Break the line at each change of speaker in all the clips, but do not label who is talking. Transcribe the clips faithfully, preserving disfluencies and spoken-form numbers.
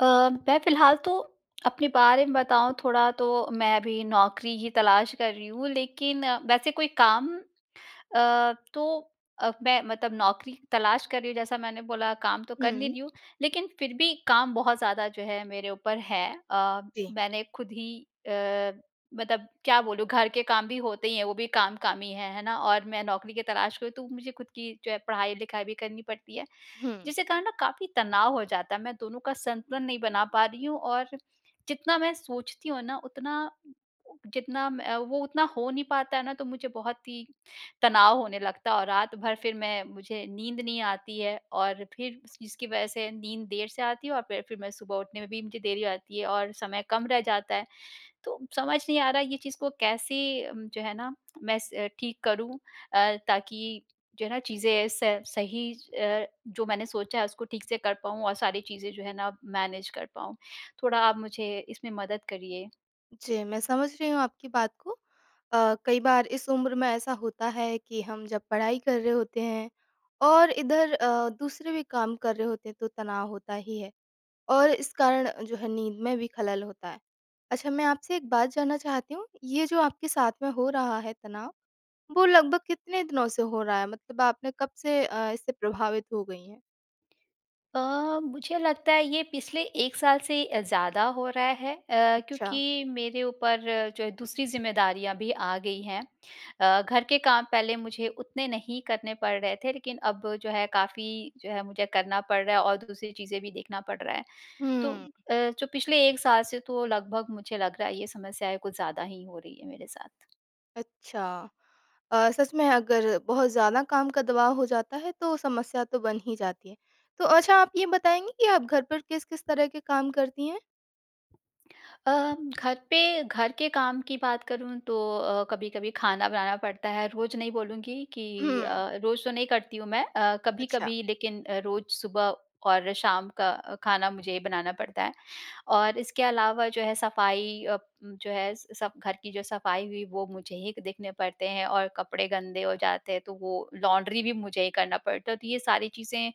अ, मैं फिलहाल तो अपने बारे में बताऊँ थोड़ा, तो मैं अभी नौकरी की तलाश कर रही हूँ। लेकिन वैसे कोई काम अ, तो अ, मैं, मतलब नौकरी तलाश कर रही हूँ, जैसा मैंने बोला काम तो कर नहीं
हुँ।
रही हूँ, लेकिन फिर भी काम बहुत ज़्यादा जो है मेरे ऊपर है। अ,
जी।
मैंने ख़ुद ही अ, मतलब क्या बोलूँ, घर के काम भी होते ही हैं, वो भी काम, काम ही हैं, है ना। और मैं नौकरी के तलाश में हूँ, तो मुझे ख़ुद की जो है पढ़ाई-लिखाई भी करनी पड़ती है,
हुँ।
जिसके कारण ना काफ़ी तनाव हो जाता है, मैं दोनों का संतुलन नहीं बना पा रही हूँ। और जितना मैं सोचती हूँ ना, उतना जितना मैं अ, वो उतना हो नहीं पाता है ना तो मुझे बहुत ही तनाव होने लगता और रात भर फिर मैं मुझे नींद नहीं आती है। और फिर इस इसकी वजह से नींद देर से आती है और फिर, फिर मैं सुबह उठने में भी मुझे देरी हो जाती है, और समय कम रह जाता है। तो समझ नहीं आ रहा ये चीज़ को कैसे जो है ना मैं स ठीक करूँ अ, ताकि जो है ना चीज़ें स सही अ, जो मैंने सोचा है, उसको ठीक से कर पाऊँ और सारी चीज़ें जो है ना मैनेज कर पाऊँ। थोड़ा आप मुझे इसमें मदद करिए।
जी, मैं समझ रही हूँ आपकी बात को। अ, कई बार इस उम्र में ऐसा होता है कि हम जब पढ़ाई कर रहे होते हैं, और इधर अ, दूसरे भी काम कर रहे होते हैं, तो तनाव होता ही है। और इस कारण, जो है नींद में भी ख़लल होता है। अच्छा, मैं आपसे एक बात जानना चाहती हूँ, ये जो आपके साथ में हो रहा है तनाव, वो लगभग कितने दिनों से हो रहा है, मतलब आपने कब से अ, इससे प्रभावित हो गई हैं?
अ, मुझे लगता है ये पिछले एक साल से अ, ज़्यादा हो रहा है अ, क्योंकि
अच्छा।
मेरे ऊपर जो है दूसरी ज़िम्मेदारियाँ भी आ गई हैं। अ, घर के काम पहले मुझे उतने नहीं करने पड़ रहे थे, लेकिन अब जो है, काफ़ी जो है, मुझे करना पड़ रहा है, और दूसरी चीज़ें भी देखना पड़ रहा है। तो
हुँ।
अ, जो पिछले एक साल से तो लगभग मुझे लग रहा है, ये समस्याएँ कुछ ज़्यादा ही हो रही हैं मेरे साथ।
अच्छा! अ, सच में अगर बहुत ज़्यादा काम का दबाव हो जाता है, तो समस्या तो बन ही जाती है। तो अच्छा, आप ये बताएँगी कि आप घर पर किस-किस तरह के काम करती हैं।
अ, घर पे घर के काम की बात करूँ तो अ, कभी-कभी खाना बनाना पड़ता है। रोज़ नहीं बोलूँगी कि अ,
हुँ।
रोज़ तो नहीं करती हूँ मैं अ,
अच्छा।
कभी-कभी लेकिन रोज़ सुबह और शाम का खाना मुझे ही बनाना पड़ता है। और इसके अलावा जो है, सफाई अ, जो है, सब घर की जो सफाई हुई, वो मुझे हिक देखने पड़ते हैं। और कपड़े गंदे हो जाते हैं, तो वो लॉन्ड्री भी मुझे ही करना पड़ता है। तो ये सारी चीज़ें,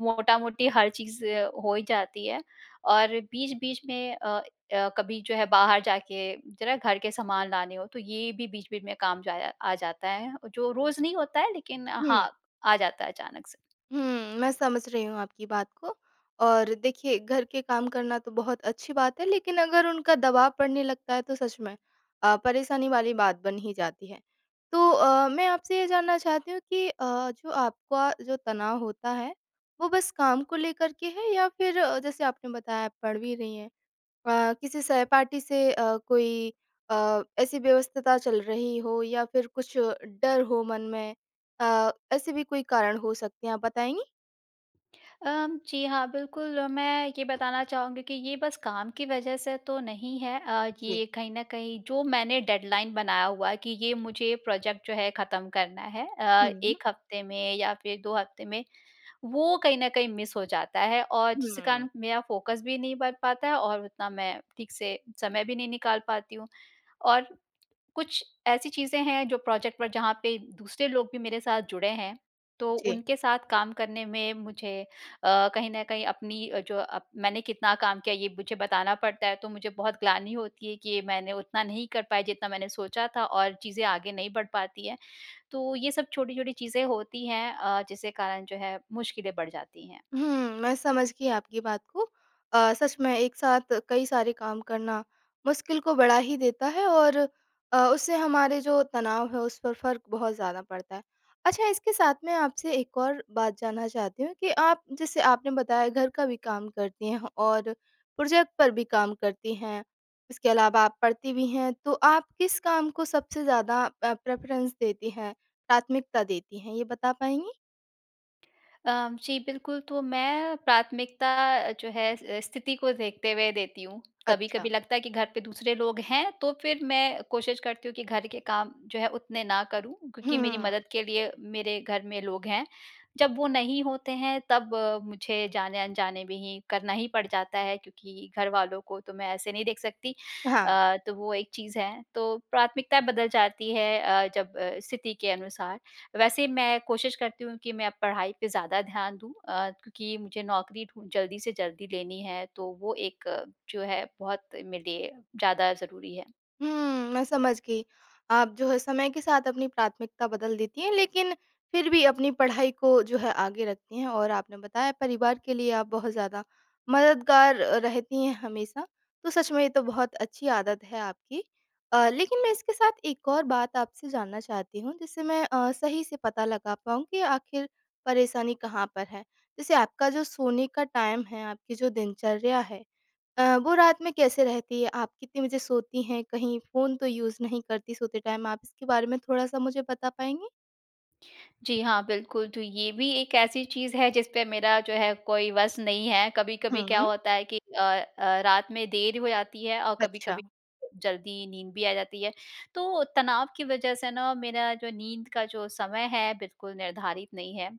मोटा-मोटी, हर चीज़ हो ही जाती है। और बीच-बीच में अ, अ, कभी जो है बाहर जाके ज़रा घर के सामान लाने हो, तो ये भी बीच-बीच में काम जाया आ जाता है, जो रोज़ नहीं होता है, लेकिन
हुँ।
हाँ, आ जाता है अचानक से।
हुँ, मैं समझ रही हूँ आपकी बात को। और देखिए, घर के काम करना तो बहुत अच्छी बात है, लेकिन अगर उनका दबाव पड़ने लगता है, तो सच में अ, परेशानी वाली बात बन ही जाती है। तो अ, मैं आपसे ये जानना चाहती हूँ कि अ, जो आपका जो तनाव होता है, वो बस काम को लेकर के है, या फिर जैसे आपने बताया आप पढ़ भी रही हैं। अ, किसी सहपाठी से अ, कोई अ, ऐसी व्यवस्थता चल रही हो, या फिर कुछ डर हो मन में अ, ऐसे भी कोई कारण हो सकते हैं, आप बताएँगी?
अ, जी हाँ बिल्कुल, मैं ये बताना चाहूँगी कि ये बस काम की वज़ह से तो नहीं है। अ,
जी।
ये कहीं ना कहीं, जो मैंने डेडलाइन बनाया हुआ है कि ये मुझे प्रोजेक्ट जो है खत्म करना है। अ,
हुँ।
एक हफ़्ते में या फिर दो हफ़्ते में, वो कहीं न कहीं मिस हो जाता है। और जिसके
हुँ।
कारण मेरा फ़ोकस भी नहीं बन पाता है, और उतना मैं ठीक से समय भी नहीं निकाल पाती हूँ। और कुछ ऐसी चीज़ें हैं, जो प्रोजेक्ट पर, जहाँ पे दूसरे लोग भी मेरे साथ जुड़े हैं, तो
जी।
उनके साथ काम करने में मुझे अ, कहीं न कहीं अपनी अ, जो मैंने कितना काम किया, ये मुझे बताना पड़ता है। तो मुझे बहुत ग्लानि होती है कि मैंने उतना नहीं कर पाई जितना मैंने सोचा था, और चीज़ें आगे नहीं बढ़ पाती हैं। तो ये सब छोटी-छोटी चीज़ें होती हैं, अ, जिसके कारण जो है मुश्किलें बढ़ जाती हैं।
हुँ, मैं समझ गई आपकी बात को। अ, सच में एक साथ कई सारे काम करना मुश्किल को बढ़ा ही देता है, और अ, उससे हमारे जो तनाव हैं उस पर फ़र्क बहुत ज़्यादा पड़ता है। अच्छा, इसके साथ मैं आपसे एक और बात जानना चाहती हूँ कि आप जैसे आपने बताया, घर का भी काम करती हैं और प्रोजेक्ट पर भी काम करती हैं, इसके अलावा आप पढ़ती भी हैं। तो आप किस काम को सबसे ज़्यादा अ, प्रेफरेंस देती हैं, प्राथमिकता देती हैं, ये बता पाएँगी?
अ, जी, बिल्कुल। तो मैं प्राथमिकता जो है, स स्थिति को देखते हुए देती हूँ। कभी-कभी
अच्छा।
लगता है कि घर पे दूसरे लोग हैं, तो फिर मैं कोशिश करती हूँ कि घर के काम जो है, उतने ना करूँ क्योंकि मेरी
हुँ।
मदद के लिए मेरे घर में लोग हैं। जब वो नहीं होते हैं, तब मुझे जाने-अनजाने में ही करना ही पड़ जाता है, क्योंकि घर वालों को तो मैं ऐसे नहीं देख सकती।
हाँ।
अ, तो वो एक चीज़ है। तो प्राथमिकता बदल जाती है अ, जब स्थिति के अनुसार। वैसे मैं कोशिश करती हूँ कि मैं अब पढ़ाई पर ज़्यादा ध्यान दूँ अ, क्योंकि मुझे नौकरी ढूँढ जल्दी से जल्दी लेनी है। तो वो एक जो है, बहुत मेरे लिए ज़्यादा ज़रूरी है।
हुँ। मैं समझ गई। आप जो है, समय के साथ अपनी प्राथमिकता बदल देती हैं, लेकिन फिर भी अपनी पढ़ाई को जो है आगे रखती हैं। और आपने बताया, परिवार के लिए आप बहुत ज़्यादा मददगार अ, रहती हैं हमेशा, तो सच में ये तो बहुत अच्छी आदत है आपकी। अ, लेकिन मैं इसके साथ एक और बात आपसे जानना चाहती हूँ, जिससे मैं अ, सही से पता लगा पाऊँ कि आख़िर परेशानी कहाँ पर है। जैसे आपका जो सोने का टाइम है, आपकी जो दिनचर्या है अ, वो रात में कैसे रहती है, आप कितने बजे सोती हैं, कहीं फोन तो यूज़ नहीं करती सोते टाइम आप, इसके बारे में थोड़ा-सा मुझे बता पाएँगी?
जी हाँ, बिल्कुल। तो ये भी एक ऐसी चीज़ है, जिस पे मेरा जो है कोई बस नहीं है। कभी-कभी क्या
हुँ।
होता है कि अ, अ, रात में देर हो जाती है, और
अच्छा।
कभी-कभी जल्दी नींद भी आ जाती है। तो तनाव की वजह से ना, मेरा जो नींद का जो समय है, बिल्कुल निर्धारित नहीं है।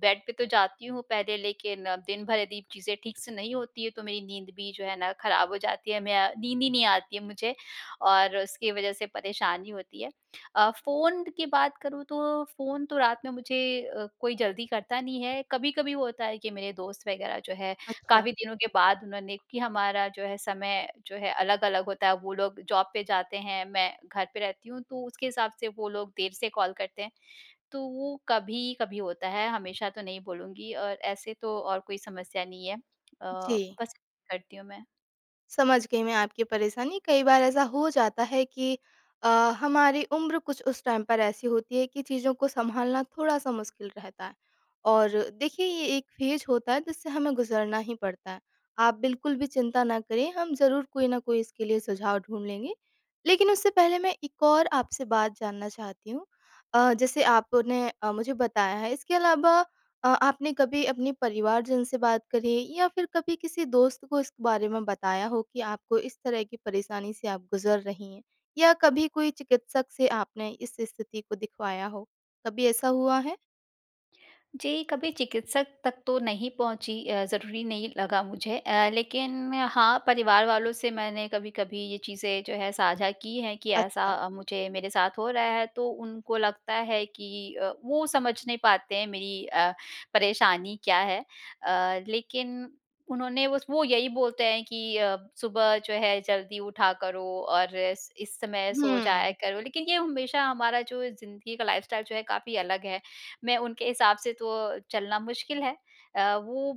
बेड पे तो जाती हूँ पहले, लेकिन दिन भर यदि चीज़ें ठीक से नहीं होती हैं, तो मेरी नींद भी जो है ना ख़राब हो जाती है, मैं अ, नींद ही नहीं आती है मुझे, और उसकी वजह से परेशानी होती है। अ, फ़ोन की बात करूँ, तो फ़ोन तो रात में मुझे अ, कोई जल्दी करता नहीं है। कभी-कभी होता है कि मेरे दोस्त वग़ैरह जो हैं,
अच्छा।
काफ़ी दिनों के बाद उन्होंने क्योंकि हमारा जो है समय जो है अलग-अलग होता है। वो लोग जॉब पे जाते हैं, मैं घर पे रहती हूँ, तो उसके हिसाब से वो लोग देर से कॉल करते हैं। तो वो कभी-कभी होता है, हमेशा तो नहीं बोलूँगी, और ऐसे तो और कोई समस्या नहीं है। अ,
जी।
बस, करती हूँ मैं।
समझ गई मैं आपकी परेशानी। कई बार ऐसा हो जाता है कि अ, हमारी उम्र कुछ उस टाइम पर ऐसी होती है, कि चीज़ों को संभालना थोड़ा-सा मुश्किल रहता है। और देखिए, ये एक फ़ेज़ होता है, जिससे हमें गुज़रना ही पड़ता है। आप बिल्कुल भी चिंता ना करें, हम ज़रूर कोई ना कोई इसके लिए सुझाव ढूँढ लेंगे। लेकिन उससे पहले मैं एक और आपसे बात जानना चाहती हूँ। अ, जैसे आपने अ, मुझे बताया है, इसके अलावा अ, आपने कभी अपने परिवारजन से बात करी, या फिर कभी किसी दोस्त को इस बारे में बताया हो कि आपको इस तरह की परेशानी से आप गुज़र रही हैं? या कभी कोई चिकित्सक से आपने इस स्थिति को दिखवाया हो, कभी ऐसा हुआ है?
जी, कभी चिकित्सक तक तो नहीं पहुँची अ, ज़रूरी नहीं लगा मुझे। अ, लेकिन हाँ, परिवार वालों से मैंने कभी-कभी ये चीज़ें जो है साझा की हैं कि ऐसा
अच्छा।
अ, मुझे मेरे साथ हो रहा है, तो उनको लगता है कि अ, वो समझ नहीं पाते हैं मेरी अ, परेशानी क्या है। अ, लेकिन उन्होंने बस वो यही बोलते हैं कि अ, सुबह जो है जल्दी उठा करो, और इस इस समय सो
हुँ।
जाया करो। लेकिन ये हमेशा हमारा जो ये ज़िंदगी का लाइफ़स्टाइल जो है, काफ़ी अलग है। मैं उनके हिसाब से तो अ, चलना मुश्किल है। अ, वो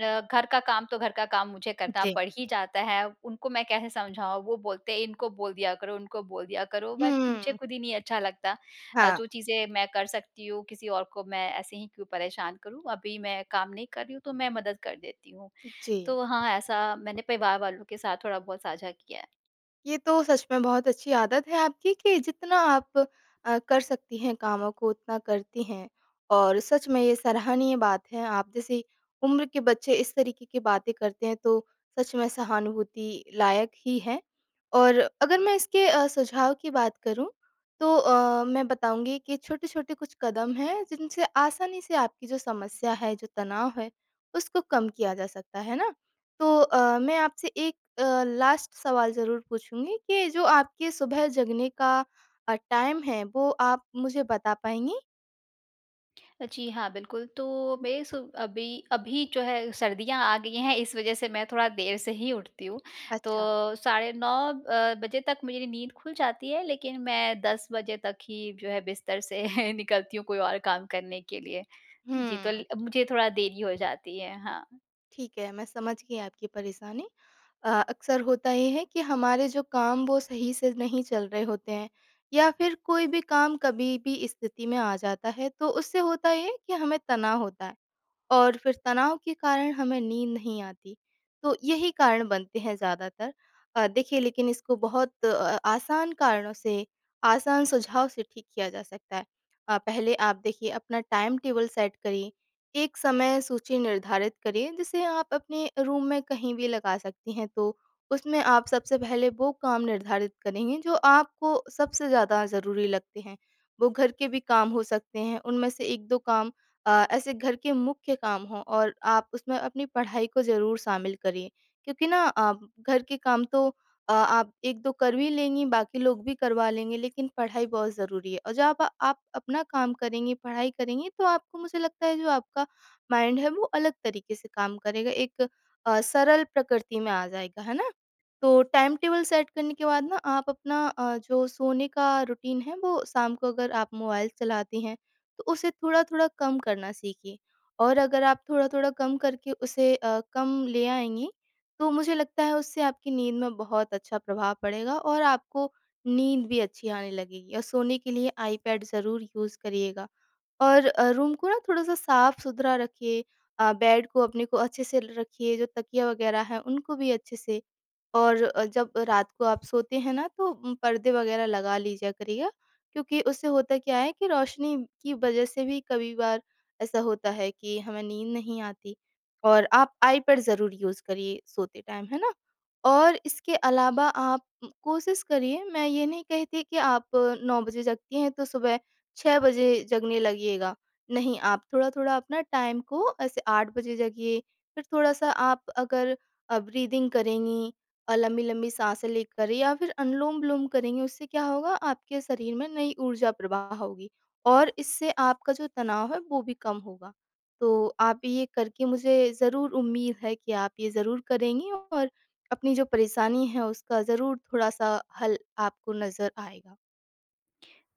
अ, घर का काम, तो घर का काम मुझे करना
जी।
पड़ ही जाता है। उनको मैं कैसे समझाऊँ, वो बोलते हैं, “इनको बोल दिया करो, उनको बोल दिया करो”, बट मुझे
हुँ।
खुद ही नहीं अच्छा लगता। अ,
हाँ।
जो चीज़ें मैं कर सकती हूँ, किसी और को मैं ऐसे ही क्यों परेशान करूँ, अभी मैं काम नहीं कर रही हूँ, तो मैं मदद कर देती हूँ।
जी।
तो हाँ, ऐसा मैंने परिवार वालों के साथ थोड़ा-बहुत साझा किया है।
ये तो सच में बहुत अच्छी आदत है आपकी कि जितना आप अ, कर सकती हैं कामों को, उतना करती हैं। और सच में ये सराहनीय बात है। आप जैसी उम्र के बच्चे इस तरीके की बातें करते हैं, तो सच में सहानुभूति लायक ही हैं। और अगर मैं इसके अ, सुझाव की बात करूँ, तो अ, मैं बताऊँगी कि छोटे-छोटे कुछ कदम हैं, जिनसे आसानी से आपकी जो समस्या है, जो तनाव है, उसको कम किया जा सकता है ना। तो अ, मैं आपसे एक अ, लास्ट सवाल ज़रूर पूछूँगी कि जो आपके सुबह जगने का अ, टाइम है, वो आप मुझे बता पाएँगी।
जी हाँ, बिल्कुल, तो बेस अभी, अभी जो है सर्दियाँ आ गईं हैं, इस वज़ह से मैं थोड़ा देर से ही उठती हूँ।
अच्छा।
तो साढ़े नौ अ, बजे तक मेरी नींद खुल जाती है, लेकिन मैं दस बजे तक ही जो है बिस्तर से निकलती हूँ, कोई और काम करने के लिए। जी, तो ल
हुँ।
मुझे थोड़ा देरी हो जाती है। हाँ।
ठीक है। मैं समझ गई आपकी परेशानी। अ, अक्सर होता ये है कि हमारे जो काम, वो सही से नहीं चल रहे होते हैं, या फिर कोई भी काम कभी भी स्थिति में आ जाता है, तो उससे होता ये है कि हमें तनाव होता है, और फिर तनाव के कारण हमें नींद नहीं आती। तो यही कारण बनते हैं ज़्यादातर। अ, देखिए, लेकिन इसको बहुत अ अ, आसान कारणों से, आसान सुझाव से ठीक किया जा सकता है। अ, पहले आप देखिए, अपना टाइम टेबल सेट करिए। एक समय सूची निर्धारित करिए, जिसे आप अपने रूम में कहीं भी लगा सकती हैं। तो उसमें आप सबसे पहले वो काम निर्धारित करेंगे, जो आपको सबसे ज़्यादा ज़रूरी लगते हैं। वो घर के भी काम हो सकते हैं। उनमें से एक दो काम अ, ऐसे घर के मुख्य काम हों, और आप उसमें अपनी पढ़ाई को ज़रूर शामिल करिए। क्योंकि ना, आप घर के काम तो अ, आप एक दो कर भी लेंगी, बाकी लोग भी करवा लेंगे, लेकिन पढ़ाई बहुत ज़रूरी है। और जब आप अपना काम करेंगी, पढ़ाई करेंगी, तो आपको, मुझे लगता है, जो आपका माइंड है, वो अलग तरीके से काम करेगा। एक अ, सरल प्रकृति में आ जाएगा। है ना? तो टाइम टेबल सेट करने के बाद ना, आप अपना अ, जो सोने का रूटीन है, वो शाम को अगर आप मोबाइल चलाती हैं, तो उसे थोड़ा-थोड़ा कम करना सीखिए। और अगर आप थोड़ा-थोड़ा कम करके उसे अ, कम ले आएँगी, तो मुझे लगता है, उससे आपकी नींद में बहुत अच्छा प्रभाव पड़ेगा। और आपको नींद भी अच्छी आने लगेगी। और सोने के लिए आई पैड ज़रूर यूज़ करिएगा। और अ, रूम को ना थोड़ा-सा साफ सुथरा रखिए। अ, बेड को, अपने को, अच्छे से ल, रखिए। जो तकिया वगैरह हैं, उनको भी अच्छे से। और जब रात को आप सोते हैं ना, तो उम पर्दे वगैरह लगा लीजिया करिए। क्योंकि उससे होता क्या है कि रोशनी की वज़ह से भी कभी बार ऐसा होता है कि हमें नींद नहीं आती। और आप आई पैड ज़रूर यूज़ करिए सोते टाइम। है ना? और इसके अलावा, आप कोशिश करिए। मैं ये नहीं कहती कि आप अ, नौ बजे जगती हैं, तो सुबह छः बजे जगने लगिएगा। नहीं, आप थोड़ा-थोड़ा अपना टाइम। को ऐसे आठ बजे जगिए। फिर थोड़ा-सा आप अगर अ, ब्रीथिंग करेंगी। अ, लम्बी-लम्बी साँसें लेकर, या फिर अनुलोम-विलोम करेंगी, उससे क्या होगा आपके शरीर में नई ऊर्जा प्रवाह होगी, और इससे आपका जो तनाव है, वो भी कम होगा। तो आप ये करके, मुझे ज़रूर उम्मीद है कि आप ये ज़रूर करेंगी, और अपनी जो परेशानी है, उसका ज़रूर थोड़ा-सा हल आपको नजर आएगा।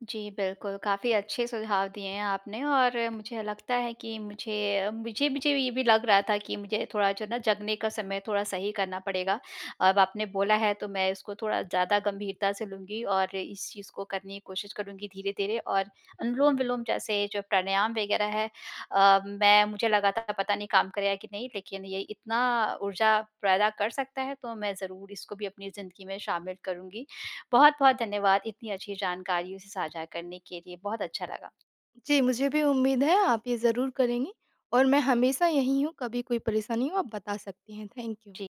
जी बिल्कुल, काफ़ी अच्छे सुझाव दिए हैं आपने, और मुझे लगता है कि मुझे मुझे मुझे भी ये भी लग रहा था कि मुझे थोड़ा जो है ना, जगने का समय थोड़ा सही करना पड़ेगा। अब आपने बोला है, तो मैं इसको थोड़ा ज़्यादा गम्भीरता से लूँगी, और इस चीज़ को करने की कोशिश करूँगी धीरे-धीरे। और अनुलोम-विलोम जैसे जो प्राणायाम वगैरह हैं, अ, मैं मुझे लगा था पता नहीं काम करेगा कि नहीं, लेकिन ये इतना ऊर्जा पैदा कर सकता है, तो मैं ज़रूर इसको भी अपनी ज़िन्दगी में शामिल करुँगी। बहुत-बहुत धन्यवाद! इतनी अच्छी जानकारी साझा करने के लिए। बहुत अच्छा लगा।
जी, मुझे भी उम्मीद है। आप ये ज़रूर करेँगी, और मैं हमेशा यहीं हूँ। कभी कोई परेशानी हो, आप बता सकती हैं। Thank you.
जी।